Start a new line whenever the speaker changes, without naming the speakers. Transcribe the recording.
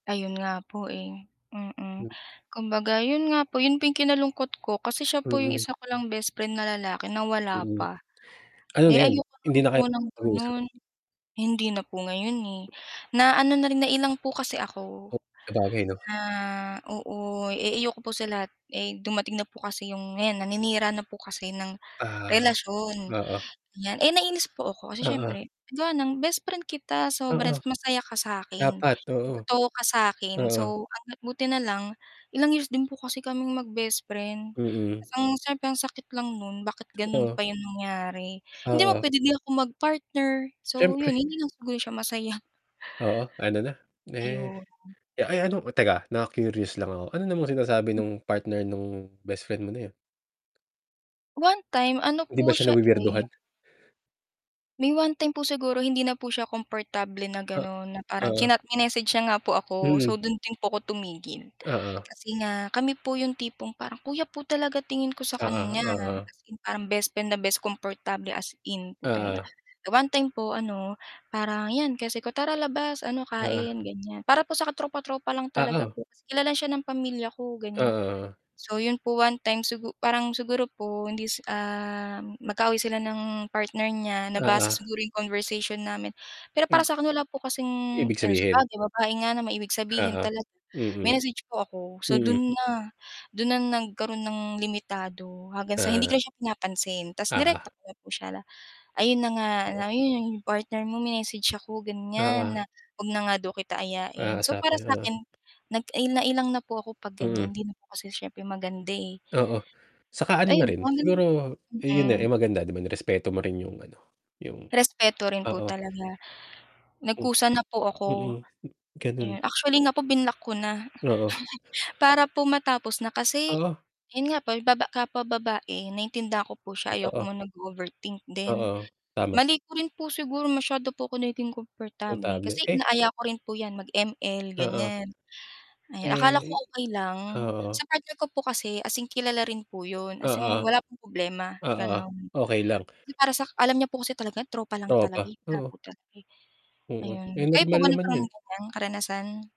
Ayon nga po eh, mm
Mm.
kumbaga 'yon nga po 'yon po kinalungkot ko kasi siya po 'yong
Mm.
isa ko lang bestfriend na lalaki na wala
Mm.
pa.
Ano na
Ay
'yon,
ayoko
hindi
lang
na
po
kayo
ng
mag-uusap.
gano'n, hindi na po ngayon eh na ano na rin na ilang po kasi ako,
O Sabagay 'no.
na oo eh ayoko po sa lahat ay dumating na po kasi 'yong ngayon naninira na po kasi ng
Ah,
relasyon
oo.
ganyan eh nainis po ako kasi
Oo.
syempre gawa ng bestfriend kita
Oo.
sobra masaya ka sakin.
Dapat, oo.
Totoo ka sakin
Oo.
so ang buti nalang ilang years din po kasi kaming mag bestfriend,
Mm.
syempre ang sakit lang no'n bakit gano'n pa
Oo.
'yong nangyari, hindi mo
Oo.
pwede di ako mag-partner, so
Syempre.
'yon hindi lang siguro siya masaya.
Oo, ano na eh,
Ayon.
ay ano teka nak-curious lang ako, ano namang sinasabi no'ng partner no'ng best friend mo na 'yon?
One time ano
Hindi
po
ba siya
siya eh
nawi-weirduhan?
May one time po siguro hindi na po siya komportable na
O
gano'n na parang
Oo.
chinat mi-message siya nga po ako so
Mm.
do'n din po ako tumigil,
Oo.
kasi nga kami po 'yong tipong parang kuya po talaga tingin ko sa
Oo,
kanya
oo.
as in parang best friend na best kumportable as in po talaga.
Ah.
One time po ano parang 'yan kasi ko tara labas ano
Ah.
kain ganyan para po sa tropa tropa lang talaga
Oo.
po kilala siya ng pamilya ko ganyan.
Oo.
So 'yon po one time sigur parang siguro po hindi um, mag-kaaway sila ng partner niya nabasa
Oo.
siguro 'yong conversation namin pero para sa akin wala po kasing
Ibig
ano sa
sabihin.
bagay babae nga na may ibig sabihin
Oo, mm.
mine-message po ako so
Mm.
do'n na, do'n na nagkaroon ng limitado hangang sa hindi
Ah.
ko siya pinapansin tas
Oo.
nirekta ko na po siya ayon na nga, ayon 'yong partner mo may-message ako ganyan
Oo.
na huwag na nga daw kita ayain so para
Kakausapin, oo.
sakin, nai na ilang na po ako pag
Mm.
ganyan hindi na po kasi siyempre maganda eh.
Oo, atsaka ano na
Ayon kung
rin
ano
siguro 'yon eh
mm.
eh maganda di ba nirespeto mo rin 'yong ano, 'yong
Respeto rin po
oo.
talaga,
Uhm.
nagkusa na po ako.
Mm, gano'n.
Ayon actually nga po binlock ko na.
Oo.
Para po matapos na kasi,
Oo.
'yon nga po baba kapwa babae naintindihan ko po siya ayoko
Totoo.
mo mag-overthink din.
Oo, tama.
Mali ko rin po siguro masyado po ko naging kumportable,
Kumportable,
kasi
eh.
inaaya ko rin po 'yan mag ML
Oo.
ganyan. Ay akala ko
Mm.
okay lang sa
Oo.
partner ko po kasi as in kilala rin po 'yon as in
Oo.
wala pong problema
Oo,
gano'n
okay lang.
para sa alam niya po kasi talaga tropa lang talaga
Tropa,
eh.
oo.
[unintelligible]
Oo, eh
Ayon, kayo po
normal
ba
naman
nagkaroon
'yon eh.
ng ganyan karanasan?